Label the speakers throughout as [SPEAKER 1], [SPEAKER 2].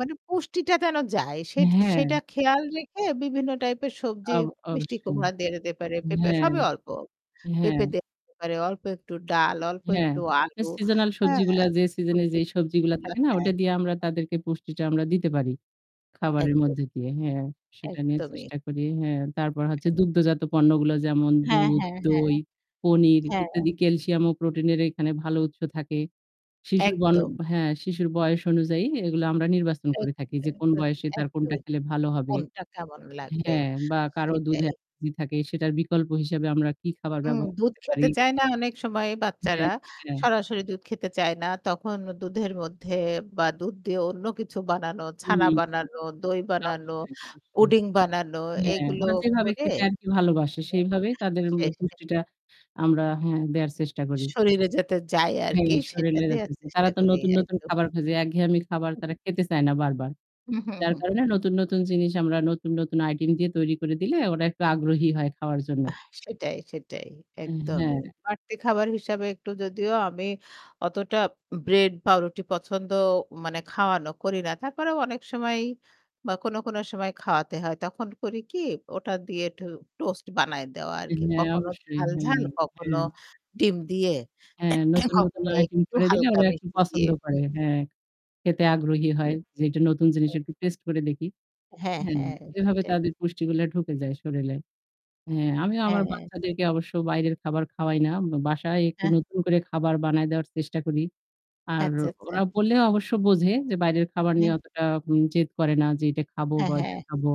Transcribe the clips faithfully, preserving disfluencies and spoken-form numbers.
[SPEAKER 1] মানে পুষ্টিটা যেন যায় সে
[SPEAKER 2] হ্যাঁ।
[SPEAKER 1] সেটা খেয়াল রেখে বিভিন্ন type এর সবজি,
[SPEAKER 2] আব
[SPEAKER 1] মিষ্টি
[SPEAKER 2] অবশ্যই।
[SPEAKER 1] কুমড়া দেয়া যেতে পারে, পেঁপে
[SPEAKER 2] হ্যাঁ,
[SPEAKER 1] সবই অল্প।
[SPEAKER 2] হ্যাঁ।
[SPEAKER 1] পেঁপে দেওয়া যেতে পারে, অল্প একটু ডাল, অল্প
[SPEAKER 2] হ্যাঁ।
[SPEAKER 1] একটু আলু,
[SPEAKER 2] seasonal
[SPEAKER 1] অ্যাঁ
[SPEAKER 2] সবজিগুলা যে season-এ
[SPEAKER 1] সবজি,
[SPEAKER 2] যেই সবজিগুলা থাকে
[SPEAKER 1] [unintelligible]
[SPEAKER 2] না, ওটা
[SPEAKER 1] হ্যাঁ।
[SPEAKER 2] দিয়ে আমরা তাদেরকে পুষ্টিটা আমরা দিতে পারি, খাবারের
[SPEAKER 1] একদম।
[SPEAKER 2] মধ্যে দিয়ে, হ্যাঁ। সেটা নিয়ে
[SPEAKER 1] একদমই।
[SPEAKER 2] চেষ্টা করি, হ্যাঁ। তারপর হচ্ছে দুগ্ধজাত পণ্যগুলো যেমন
[SPEAKER 1] হ্যাঁ,
[SPEAKER 2] দুধ,
[SPEAKER 1] হ্যাঁ, হ্যাঁ।
[SPEAKER 2] দই, পনির
[SPEAKER 1] হ্যাঁ।
[SPEAKER 2] ইত্যাদি। ক্যালসিয়াম ও প্রোটিনের এখানে ভালো উৎস থাকে। শিশুর ভাল
[SPEAKER 1] একদম।
[SPEAKER 2] হ্যাঁ, শিশুর বয়স অনুযায়ী এগুলো আমরা নির্বাচন
[SPEAKER 1] এক
[SPEAKER 2] করে থাকি যে কোন বয়সে তার কোনটা
[SPEAKER 1] [unintelligible]
[SPEAKER 2] খেলে ভালো হবে।
[SPEAKER 1] কোনটা কেমন লাগবে
[SPEAKER 2] হ্যাঁ। বা কারো দুধে
[SPEAKER 1] সেটাই।
[SPEAKER 2] অ্যালার্জি থাকে, সেটার বিকল্প হিসেবে আমরা কি খাবার
[SPEAKER 1] হুম,
[SPEAKER 2] ব্যবহার
[SPEAKER 1] দুধ
[SPEAKER 2] করতে
[SPEAKER 1] খেতে
[SPEAKER 2] পারি।
[SPEAKER 1] চায় না অনেক সময় বাচ্চারা।
[SPEAKER 2] [unintelligible]
[SPEAKER 1] সরাসরি দুধ খেতে চায় না। তখন দুধের মধ্যে বা দুধ দিয়ে অন্য কিছু বানানো, ছানা
[SPEAKER 2] [unintelligible]
[SPEAKER 1] বানানো, দই বানানো,
[SPEAKER 2] অবশ্যই।
[SPEAKER 1] পুডিং বানানো
[SPEAKER 2] হ্যাঁ,
[SPEAKER 1] এগুলো
[SPEAKER 2] ওরা যেভাবে
[SPEAKER 1] করে
[SPEAKER 2] খেতে আর কি ভালোবাসে সেইভাবেই তাদের মানে
[SPEAKER 1] [unintelligible]
[SPEAKER 2] পুষ্টিটা আমরা, হ্যাঁ, দেয়ার চেষ্টা করি।
[SPEAKER 1] শরীরে যাতে যায় আর কি
[SPEAKER 2] হ্যাঁ।
[SPEAKER 1] সেটা
[SPEAKER 2] শরীরে
[SPEAKER 1] দেয়ার
[SPEAKER 2] যেতেছে। তারা
[SPEAKER 1] চেষ্টা
[SPEAKER 2] তো
[SPEAKER 1] করি।
[SPEAKER 2] নতুন, নতুন
[SPEAKER 1] একদম।
[SPEAKER 2] খাবার খোঁজে। একঘেয়েমি খাবার তারা খেতে চায় না বারবার।
[SPEAKER 1] হুম, হুম,
[SPEAKER 2] যার
[SPEAKER 1] হুম, হুম।
[SPEAKER 2] কারণে নতুন, নতুন জিনিস আমরা নতুন, নতুন item দিয়ে তৈরি করে দিলে ওরা একটু আগ্রহী হয় খাওয়ার জন্য।
[SPEAKER 1] সেটাই, সেটাই
[SPEAKER 2] উম হ্যাঁ।
[SPEAKER 1] একদমই। বাড়তি খাবার হিসাবে একটু যদিও আমি অতটা bread, পাউরুটি পছন্দ মানে খাওয়ানো করি না। তারপরেও অনেক সময় বা কোনো, কোনো সময় খাওয়াতে হয় তখন করি কি ওটা দিয়ে একটু toast বানায় দেওয়া আর কি।
[SPEAKER 2] হ্যাঁ।
[SPEAKER 1] কখনো
[SPEAKER 2] অবশ্যই।
[SPEAKER 1] ঝাল, ঝাল,
[SPEAKER 2] হ্যাঁ।
[SPEAKER 1] কখনো
[SPEAKER 2] হ্যাঁ।
[SPEAKER 1] ডিম দিয়ে,
[SPEAKER 2] হ্যাঁ। নতুন, নতুন
[SPEAKER 1] কখনো
[SPEAKER 2] item
[SPEAKER 1] একটু
[SPEAKER 2] করে দিলে
[SPEAKER 1] হালকা
[SPEAKER 2] ওরা একটু
[SPEAKER 1] মিষ্টি দিয়ে।
[SPEAKER 2] পছন্দ করে। হ্যাঁ। খেতে আগ্রহী
[SPEAKER 1] জি,
[SPEAKER 2] হয়। যে এটা নতুন জিনিস
[SPEAKER 1] হ্যাঁ।
[SPEAKER 2] একটু taste করে দেখি।
[SPEAKER 1] হ্যাঁ,
[SPEAKER 2] হ্যাঁ।
[SPEAKER 1] হ্যাঁ।
[SPEAKER 2] এভাবে
[SPEAKER 1] সেটাই।
[SPEAKER 2] তাদের পুষ্টিগুলা ঢুকে যায় শরীলে। হ্যাঁ, আমি আমার
[SPEAKER 1] হ্যাঁ।
[SPEAKER 2] বাচ্চাদেরকে অবশ্য বাইরের খাবার খাওয়াই না। বাসায় একটু
[SPEAKER 1] হ্যাঁ।
[SPEAKER 2] নতুন করে খাবার বানায় দেওয়ার চেষ্টা করি। আর
[SPEAKER 1] আচ্ছা, আচ্ছা।
[SPEAKER 2] ওরা বললেও অবশ্য বোঝে যে বাইরের খাবার নিয়ে
[SPEAKER 1] হ্যাঁ।
[SPEAKER 2] অতটা উম জেদ করে না যে এটা খাবো
[SPEAKER 1] হ্যাঁ,
[SPEAKER 2] বা ওইটা
[SPEAKER 1] হ্যাঁ।
[SPEAKER 2] খাবো।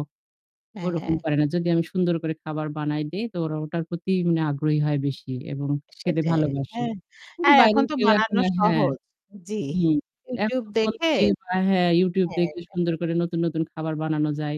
[SPEAKER 1] হ্যাঁ,
[SPEAKER 2] ওরকম
[SPEAKER 1] হ্যাঁ।
[SPEAKER 2] করে না। যদি আমি সুন্দর করে খাবার বানায় দেই তো ওরা ওটার প্রতি মানে আগ্রহী হয় বেশি এবং খেতে
[SPEAKER 1] সেটাই,
[SPEAKER 2] ভালোবাসে।
[SPEAKER 1] হ্যাঁ।
[SPEAKER 2] কিন্তু
[SPEAKER 1] আর
[SPEAKER 2] বাইরে
[SPEAKER 1] এখন তো
[SPEAKER 2] গেলেও এখন
[SPEAKER 1] বানানো
[SPEAKER 2] আর হ্যাঁ,
[SPEAKER 1] সহজ। জি,
[SPEAKER 2] হুম। এখন
[SPEAKER 1] YouTube
[SPEAKER 2] তো phone
[SPEAKER 1] দেখে
[SPEAKER 2] থেকে বা হ্যাঁ, YouTube
[SPEAKER 1] হ্যাঁ।
[SPEAKER 2] দেখে সুন্দর করে নতুন, নতুন খাবার বানানো যায়।